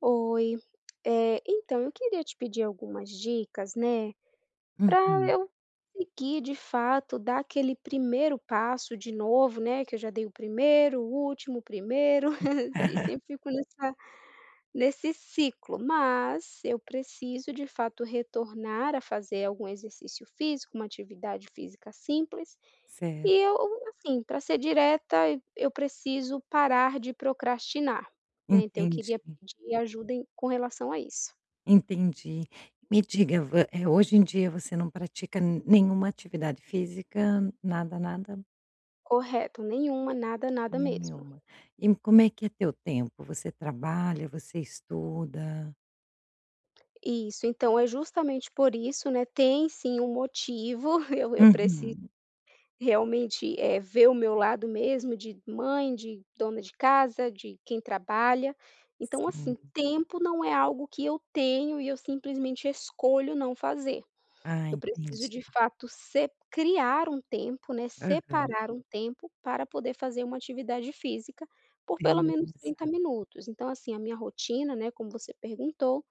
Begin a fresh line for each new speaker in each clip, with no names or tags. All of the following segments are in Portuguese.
Oi, eh, então, eu queria te pedir algumas dicas, né, pra
Uhum.
eu conseguir de fato dar aquele primeiro passo de novo, né, que eu já dei o primeiro, o último, o primeiro, assim, sempre fico nessa nesse ciclo, mas eu preciso, de fato, retornar a fazer algum exercício físico, uma atividade física simples, e
Certo.
eu, assim, para ser direta, e eu preciso parar de procrastinar, né. Então eu queria
Entendi.
pedir ajuda em com relação a isso.
Entendi, me diga, vo eh, hoje em dia você não pratica nenhuma atividade física, nada, nada?
Correto. Nenhuma, nada, nada mesmo.
Nenhuma. E como é que é teu tempo, você trabalha, você estuda?
Isso, então, é justamente por isso, né, tem sim um motivo, eu eu preciso
Uhum.
realmente, eh, ver o meu lado mesmo de mãe, de dona de casa, de quem trabalha, então, assim,
Sim.
tempo não é algo que eu tenho e eu simplesmente escolho não fazer,
Ah,
eu preciso,
entendi.
de fato, se criar um tempo né,
Aham.
separar um tempo para poder fazer uma atividade física por, pelo menos, 30
Beleza.
minutos. Então, assim, a minha rotina, né, como você perguntou,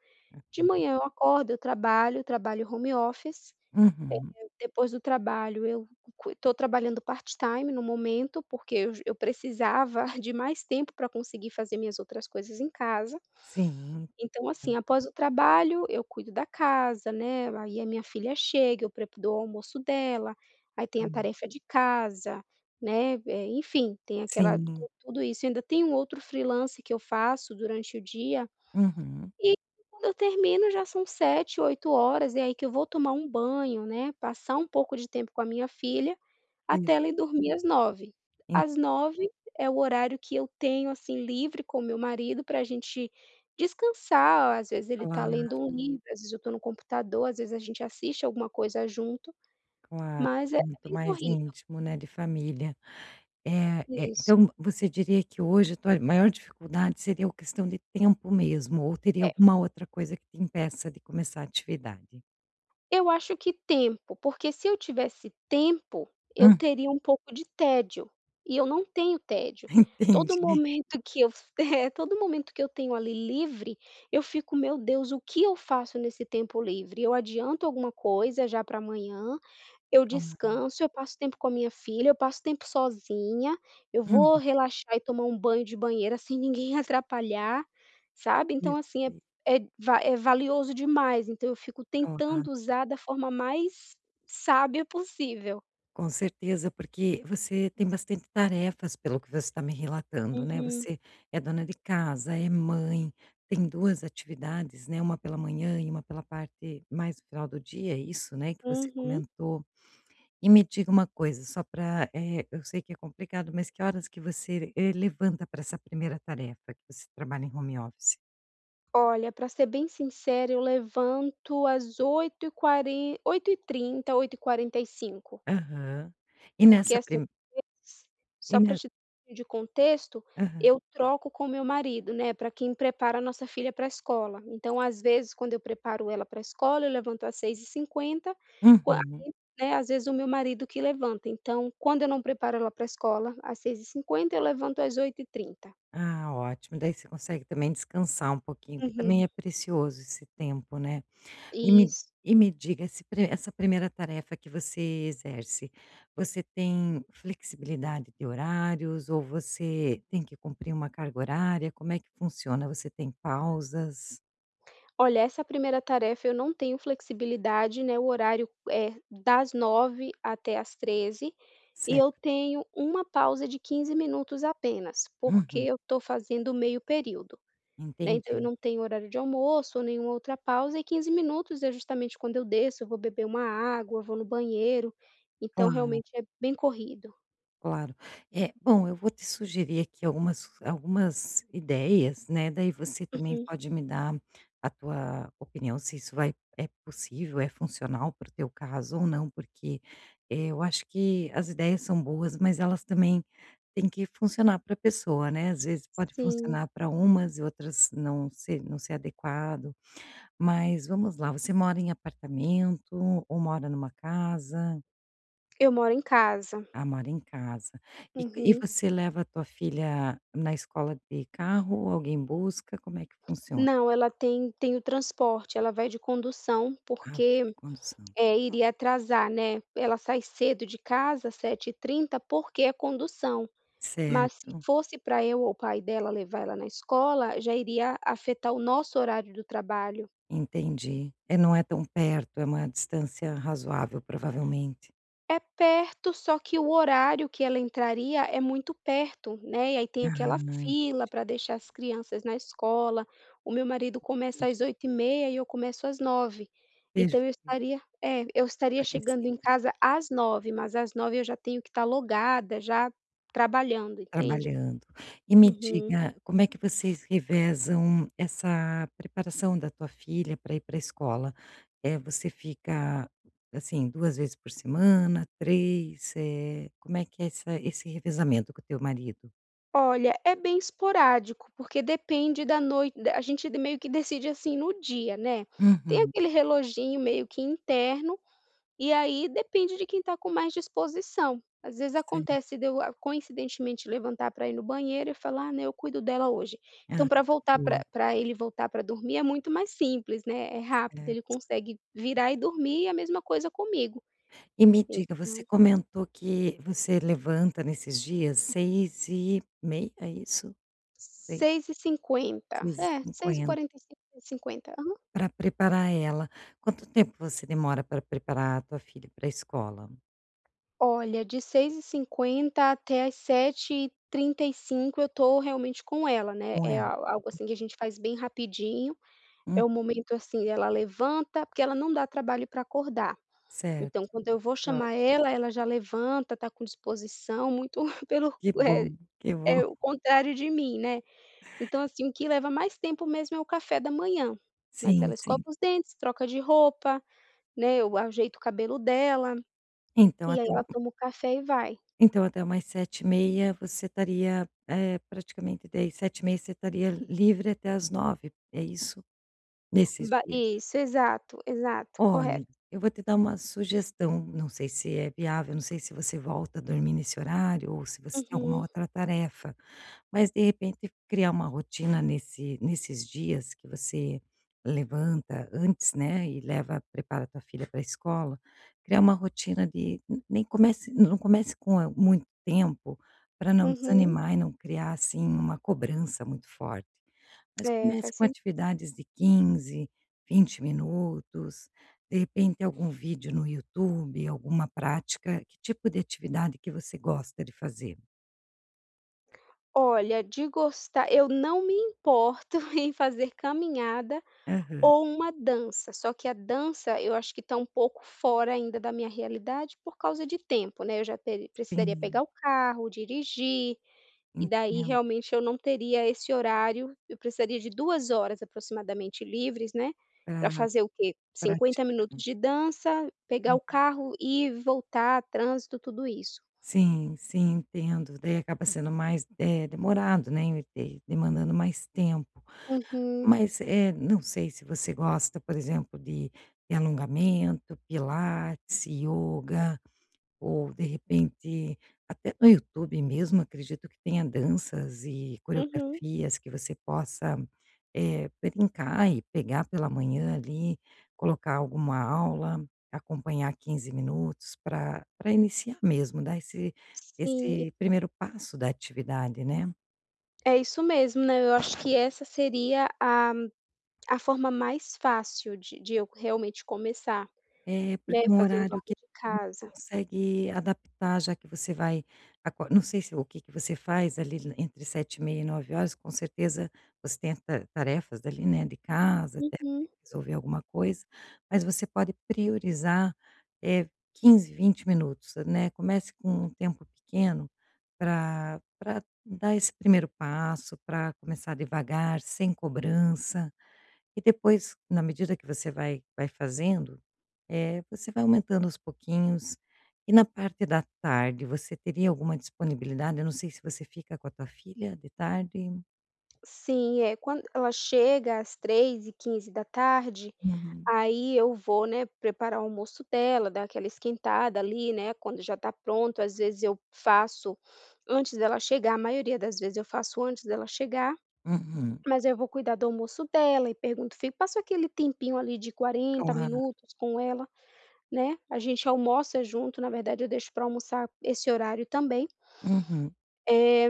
de
Uhum.
manhã eu acordo, eu trabalho, trabalho home office,
Uhum.
eh, depois do trabalho eu estou trabalhando part time, no momento, porque ju eu precisava de mais tempo pra conseguir fazer minhas outras coisas em casa,
Sim,
então,
sim.
assim, após o trabalho eu cuido da casa, né, aí a minha filha chega, eu prep dou almoço dela, aí tem a
Calma.
tarefa de casa, né, eh, enfim. Tem aquela
Sim.
tudo isso, ainda tem um outro freelancer que eu faço, durante o dia,
Uhum.
e quando eu termino já são 19:00 20:00 e aí que eu vou tomar um banho, né, passar um pouco de tempo com a minha filha,
E j
até ela ir dormir às 21:00,
En
às 21:00 é o horário que eu tenho, assim, livre com o meu marido pra gente descansar, ou às vezes ele tá
Claro.
lendo um livro, às vezes eu estou no computador, às vezes a gente assiste alguma coisa junto,
Claro,
mas é
muito
bem
mais
corrido.
íntimo, né, de família, eh eh,
Isso.
então você diria que hoje a tua maior dificuldade seria o questão de tempo mesmo, ou teria
É.
alguma outra coisa que te impeça de começar atividade?
Eu acho que tempo. Porque se eu tivesse tempo, eu
Hum.
teria um pouco de tédio, e eu não tenho tédio. Todo
Entendi.
momento que eu todo momento que eu tenho, ali, livre, eu fico: "Meu Deus, o que eu faço nesse tempo livre? Eu adianto alguma coisa já para amanhã. Eu
Calma lá.
descanso, eu passo tempo com a minha filha, eu passo tempo sozinha, eu
Uhum.
vou relaxar e tomar um banho de banheira sem ninguém atrapalhar", sabe. Então, assim, é
Perfeito.
é va é valioso demais. Então, eu fico
[unintelligible]
tentando usar da forma mais sábia possível.
Com certeza, porque você tem bastante tarefas, pelo que você tá me relatando, né.
Uhum.
Você é dona de casa, é mãe, tem 2 atividades, né, 1 pela manhã e 1 pela parte mais final do dia, é isso, né, que você
Uhum.
comentou. E me diga uma coisa, só para eh, eu sei que é complicado, mas que horas que você e levanta para essa primeira tarefa, que você trabalha em home office?
Olha, para ser bem sincera, eu levanto às 8h40, 8h30, 8h45.
Aham. E
Porque,
nessa
assim,
prim
[unintelligible] si
E
só para
ne
te de contexto.
Aham.
Eu troco com meu marido, né, para quem prepara a nossa filha para escola. Então, às vezes, quando eu preparo ela para escola eu levanto às 6h50,
Uhum.
né, às vezes, o meu marido que levanta. Então, quando eu não preparo ela para escola às 6h50 eu levanto às 8h30.
Ah, ótimo. Daí, você consegue também descansar um pouquinho. Que também
Uhum.
é precioso esse tempo, né. E me
Isso.
e me diga esse essa 1° tarefa que você exerce. Você tem flexibilidade de horários ou você tem que cumprir uma carga horária? Como é que funciona? Você tem pausas?
Olha, essa 1° tarefa, eu não tenho flexibilidade, meu horário é das 9h00 até às 13h00. E eu
Certo.
tenho 1 pausa de 15 apenas, porque
Uhum.
eu tô fazendo meio período, né. Então, eu
Entendi.
não tenho horário de almoço ou nenhuma outra pausa e 15 é, justamente, quando eu desço eu vou beber uma água, vou no banheiro. Então,
Claro.
realmente, é bem corrido.
Claro. Eh, bom, eu vou te sugerir aqui algumas algumas ideias, né, daí você também
Uhum.
pode me dar a tua opinião se isso vai é possível, é funcional para o teu caso, ou não. Porque, eh, eu acho que as ideias são boas, mas elas também têm que funcionar para a pessoa, né. Às vezes pode
Sim.
funcionar para umas e outras não ser não ser adequado. Mas, vamos lá, você mora em apartamento ou mora numa casa?
Eu moro em casa.
Ah, mora em casa, e e
Uhum.
você leva a tua filha na escola de carro ou alguém busca, como é que funciona?
Não, ela tem tem o transporte, ela vai de condução,
Ah, vai de
porque,
condução,
eh,
ok.
iria atrasar, né. Ela sai cedo de casa, 07:30, porque é condução, mas se
Certo.
fosse para eu ou o pai dela levar ela na escola, já iria afetar o nosso horário do trabalho.
Entendi, eh, não é tão perto, é uma distância razoável, provavelmente.
É perto, só que o horário que ela entraria é muito perto, né, e aí tem
Ah,
aquela
entendi.
fila para deixar as crianças na escola, o meu marido começa
Entendi.
às 08:30 e eu começo às 09:00, então eu
Perfeito.
estaria é, eu estaria chegando em
[unintelligible]
casa às 09:00, mas às 09:00 eu já tenho que estar logada já trabalhando, entende?
Trabalhando. E me
Uhum.
diga, como é que vocês revezam essa preparação da tua filha para ir para a escola? Eh, você fica, assim, 2 vezes por semana, 3, eh, como é que é essa esse revezamento com o teu marido?
Olha, é bem esporádico, porque depende da noi da a gente de meio que decide assim, no dia, né, tem
Uhum.
aquele reloginho meio que interno, e aí depende de quem tá com mais disposição, às vezes,
Certo.
acontece de eu, coincidentemente, levantar pra ir no banheiro e falar, né: "Eu cuido dela hoje".
Ah,
Então, pra voltar,
boa.
pra pra ele voltar pra dormir é muito mais simples, né, é rápido, ele
Certo.
consegue virar e dormir e a mesma coisa comigo.
E me diga, você
Então
comentou que você levanta nesses dias 6h30, é isso? 6h
6h50,
seis e
é, seis e
cinquenta.
quarenta e cinco e 50. Aham.
Pra preparar ela. Quanto tempo você demora pra preparar a tua filha pra escola?
Olha, de 6h50 até às 7h35 eu tô, realmente com ela, né,
Com
é
ela.
al algo
Hum.
assim que a gente faz bem rapidinho, é
Hum.
o momento assim, ela levanta porque ela não dá trabalho pra acordar, então,
Certo,
quando eu vou
que
chamar
ótimo.
ela, ela já levanta, tá com disposição, muito pelo
Que
o é
bom, que bom.
é o contrário de mim, né, então assim, o que leva mais tempo mesmo é o café da manhã, mas
Sim,
ela escova
sim.
os dentes, troca de roupa, né, eu ajeito o cabelo dela,
Então,
e aí
até um
ela toma o café e vai.
Então, até umas 7h30 você estaria, eh, praticamente de 7h30 você estaria livre até às 9h, é isso, nesses
Ba
dias?
isso. Exato, exato. Correto.
Olhe, eu vou te dar uma sugestão, não sei se é viável, não sei se você volta a dormir nesse horário ou se você tem alguma
Uhum.
outra tarefa, mas, de repente, criar uma rotina nesse nesses dias que você levanta antes, né, e leva prepara tua filha para escola, criar uma rotina de nem comece não comece com a muito tempo pra não
Uhum.
desanimar e não criar assim, uma cobrança muito forte. Mas
É,
comece
faz
com
sentido.
atividades de 15, 20 minutos, de repente algum vídeo no YouTube, alguma prática. Que tipo de atividade que você gosta de fazer?
Olha, de gostar eu não me importo em fazer caminhada
Aham.
ou uma dança, só que a dança eu acho que está um pouco fora ainda da minha realidade, por causa de tempo, né. Eu já teri precisaria
Sim.
pegar o carro, dirigir, e daí
Entendo.
realmente eu não teria esse horário. Eu precisaria de 2 horas aproximadamente livres, né, para
Aham,
fazer o quê? 50
praticar.
minutos de dança, pegar o
Uhum.
carro e voltar, trânsito, tudo isso.
Sim, sim. Entendo, daí acaba sendo mais, eh, demorado, né, de demandando mais tempo.
Uhum.
Mas, eh, não sei se você gosta, por exemplo, de de alongamento, pilates, ioga, ou, de repente, até no YouTube mesmo, acredito que tenha danças e
Uhum.
coreografias que você possa, eh, brincar e pegar pela manhã, ali, colocar alguma aula, acompanhar 15 minutos pra pra iniciar mesmo, dar esse
Sim.
esse primeiro passo da atividade, né.
É isso mesmo, né, eu acho que essa seria a a forma mais fácil de de eu realmente começar,
É,
né,
porque um
fazendo
horário que
aula de
[unintelligible]
casa.
consegue adaptar, já que você vai acor não sei se o que que você faz, ali, entre 7h30 e 9h, com certeza ostenta tarefas, ali, né, de casa, até
Uhum.
[unintelligible] resolver alguma coisa. Mas você pode priorizar, eh, 15, 20 minutos, né, comece com um tempo pequeno pra pra dar esse primeiro passo, pra começar devagar, sem cobrança. E depois, na medida que você vai vai fazendo, eh, você vai aumentando aos pouquinhos. E na parte da tarde, você teria alguma disponibilidade? Eu não sei se você fica com a tua filha de tarde.
Sim, eh, quando ela chega, às 15h15,
Uhum.
aí eu vou, né, preparar o almoço dela, dar aquela esquentada, ali, né, quando já está pronto. Às vezes eu faço antes dela chegar a maioria das vezes eu faço antes dela chegar,
Uhum.
mas eu vou cuidar do almoço dela e pergunto fico passa aquele tempinho ali de 40
Claro.
minutos com ela, né. A gente almoça junto, na verdade eu deixo pra almoçar esse horário também.
Uhum.
Eh,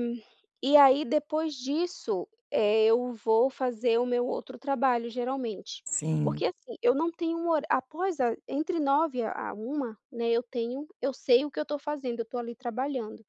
e aí depois disso, eh, eu vou fazer o meu outro trabalho, geralmente.
Sim.
Porque, assim, eu não tenho um horá após a entre 9h a 13h, né, eu tenho eu sei o que eu estou fazendo, eu estou ali trabalhando.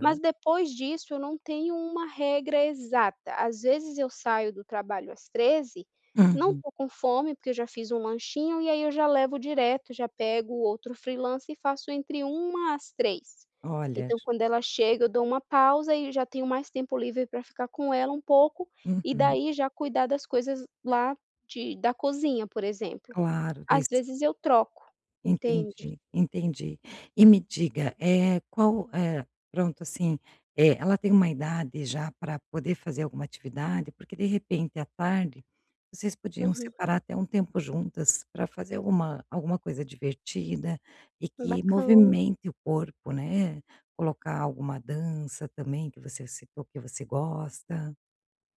Mas depois disso eu não tenho uma regra exata. Às vezes eu saio do trabalho às 13h, não
Uhum.
estou com fome, porque eu já fiz um lanchinho, e aí eu já levo direto, já pego outro freelancer e faço entre 13h às 15h.
Olha
Então quando ela chega, eu dou uma pausa e já tenho mais tempo livre pra ficar com ela um pouco, e
Uhum.
daí já cuidar das coisas lá de da cozinha, por exemplo.
Claro,
Às
des
vezes eu troco, entende?
Entendi, entendi. E me diga, eh, qual, eh, pronto, assim, eh, ela tem uma idade já pra poder fazer alguma atividade? Porque, de repente, à tarde, vocês podiam
Uhum.
separar até um tempo juntas pra fazer alguma alguma coisa divertida e
Hum,
que
bacana.
movimente o corpo, né. Colocar alguma dança também que você citou que você gosta.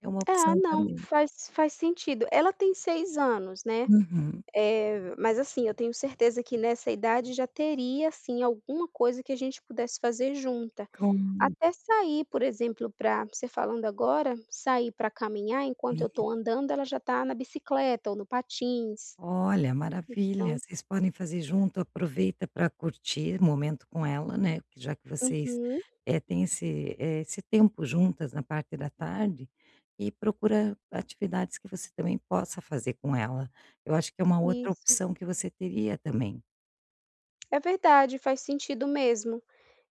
É uma
É,
opção
não,
também.
faz faz sentido. Ela tem 6 anos, né,
Uhum.
eh, mas, assim, eu tenho certeza que nessa idade já teria, assim, alguma coisa que a gente pudesse fazer junta.
Com um
Até sair, por exemplo, pra você falando agora, sair pra caminhar, enquanto eu estou
Menina
andando, ela já está na bicicleta ou no patins,
Olha, maravilha.
então
Vocês podem fazer junto, aproveita pra curtir o momento com ela, né, porque já que vocês,
Uhum.
eh, têm esse, eh, tempo juntas na parte da tarde, e procura atividades que você também possa fazer com ela. Eu acho que é uma outra
Isso.
opção que você teria também.
É verdade. Faz sentido mesmo.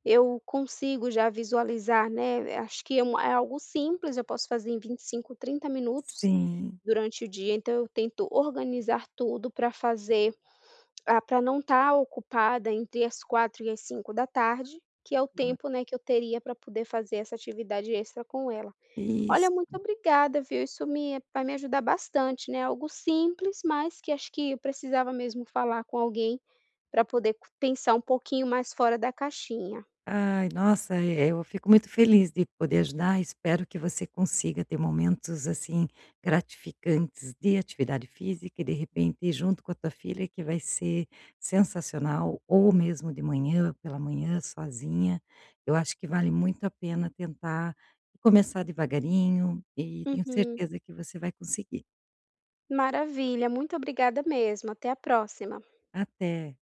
Eu consigo já visualizar, né, acho que é uma é algo simples, eu posso fazer em 25, 30 minutos,
Sim.
durante o dia. Então eu tento organizar tudo pra fazer ah, pra não estar ocupada entre as 16h e as 17h da tarde, que é o
Não é.
tempo, né, que eu teria pra poder fazer essa atividade extra com ela. Olha,
Isso.
muito obrigada, viu. Isso me vai me ajudar bastante, né, algo simples, mas que acho que eu precisava mesmo falar com alguém pra poder pensar um pouquinho mais fora da caixinha.
Ai, nossa, eh, eu fico muito feliz de poder ajudar. Espero que você consiga ter momentos, assim, gratificantes de atividade física e de repente ir junto com a tua filha, que vai ser sensacional. Ou mesmo de manhã, pela manhã, sozinha, eu acho que vale muito a pena tentar começar devagarinho e tenho
Uhum.
certeza que você vai conseguir.
Maravilha. Muito obrigada mesmo. Até a próxima.
Até.